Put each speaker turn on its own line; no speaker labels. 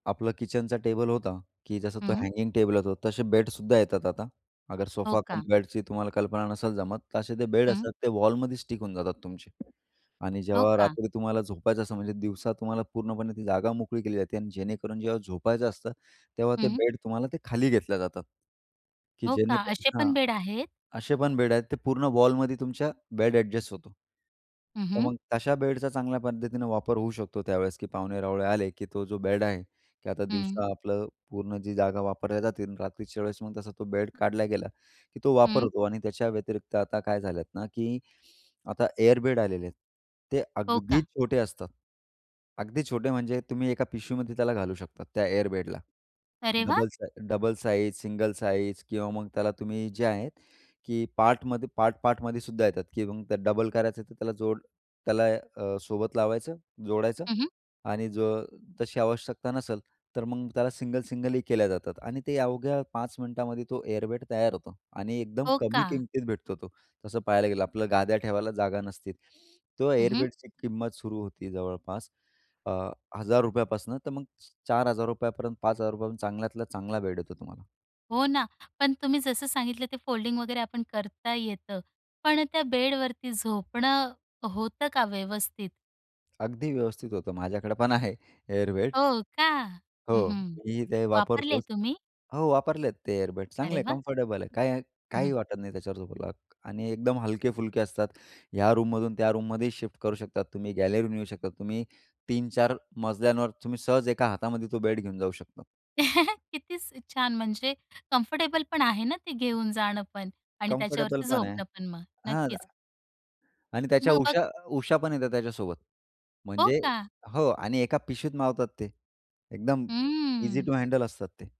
आपलं किचनचा टेबल होता, की जसं तो
हं.
हँगिंग टेबल होता, तसे बेडसुद्धा येतात आता. अगर
हो
सोफा कम
का?
बेडची तुम्हाला कल्पना नसेल जमत, तर असे जे बेड
हं.
असतात ते वॉलमध्ये स्टिक होऊन जातात तुमचे आणि
हो
जेव्हा
का?
रात्री तुम्हाला झोपायचं असतं, म्हणजे दिवसा तुम्हाला पूर्णपणे ती जागा मोकळी केली जाते आणि जेणेकरून जेव्हा झोपायचं असतं, तेव्हा ते
हं.
बेड तुम्हाला ते खाली घेतले जातात, की
हो का?
जेणेकर
असे
हां.
पण बेड आहेत.
असे पण बेड आहेत, ते पूर्ण वॉलमध्ये तुमचा बेड अ‍ॅडजस्ट होतो.
हं,
तर
हं.
मग तशा बेडचा चांगल्या पद्धतीनं वापर होऊ शकतो त्यावेळेस, की पाहुणे-रावळे आले, की तो जो बेड आहे, की आता
हं.
दिवसा आपलं पूर्ण जी जागा वापरल्या जाते आणि रात्रीच्या वेळेस मग तसा तो बेड काढला गेला, की तो वापर
हं.
होतो. आणि त्याच्या व्यतिरिक्त आता काय झालंय ना, की आता एअर बेड आलेले आहेत. ते
हो
अगदी
का?
छोटे असतात, अगदी छोटे म्हणजे तुम्ही एका पिशवीमध्ये त्याला घालू शकता त्या एअर बेडला.
अरे वाह!
डबल सा डबल साईज, सिंगल साईज किंवा मग त्याला तुम्ही जे आहे, की पार्टमध्ये, पार्ट पार्टमध्ये सुद्धा येतात. की मग त्याला डबल करायचं तर त्याला जोड त्याला अ, सोबत लावायचं, जोडायचं
हं, हं.
आणि जर तशी आवश्यकता नसेल, तर मग त्याला सिंगल, सिंगलही केलं जातं. आणि ते अवघ्या 5 मिनिटांमध्ये तो एअर बेड तयार होतो आणि एकदम
हो
कमी
का?
किमतीत भेटतो तो. तसं पाहायला गेलं, आपलं गाद्या ठेवायला जागा नसते. त्या
हं,
एअर
हं.
बेडची किंमत सुरू होते जवळपास अ, ₹1,000 पासून, तर मग ₹4,000 पर्यंत, ₹5,000 पर्यंत चांगल्यात चांगला बेड येतो तुम्हाला.
हो ना. पण तुम्ही जसं सांगितलं ते फोल्डिंग वगैरे आपण करता येतं. पण त्या बेडवरती झोपणं होतं का व्यवस्थित?
अगदी व्यवस्थित होतं. माझ्याकडे पण आहे एअर बेड.
हो का? हं,
हो,
हं.
मीही ते
वापरले
वापरतोच.
तुम्ही?
हो, वापरले आहेत. ते एअर बेड चांगले
अरे
आहेत,
वाह!
कम्फर्टेबल आहेत, काही
हं.
काहीही वाटत नाही त्याच्यावर झोपायला. आणि एकदम हलके-फुलके असतात, ह्या रूममधून त्या रूममध्येही शिफ्ट करू शकता तुम्ही. गॅलरीतून नेऊ शकता तुम्ही, 3-4 मजल्यांवर तुम्ही सहज एका हातामध्ये तो बेड घेऊन जाऊ शकता.
किती स छान. म्हणजे कम्फर्टेबल पण आहे ना, ते घेऊन जाणं पण आणि
कम्फर्टेबल
त्याच्यावरती
पण आहे.
झोपणं पण मग.
हां.
नक्कीच.
[unintelligible] आणि त्याच्या
मग बघ
उशा उशा पण येतात त्याच्यासोबत.
हो
म्हणजे
का?
हो आणि एका पिशवीत मावतात ते एकदम ईझी
हं.
टू हँडल असतात ते.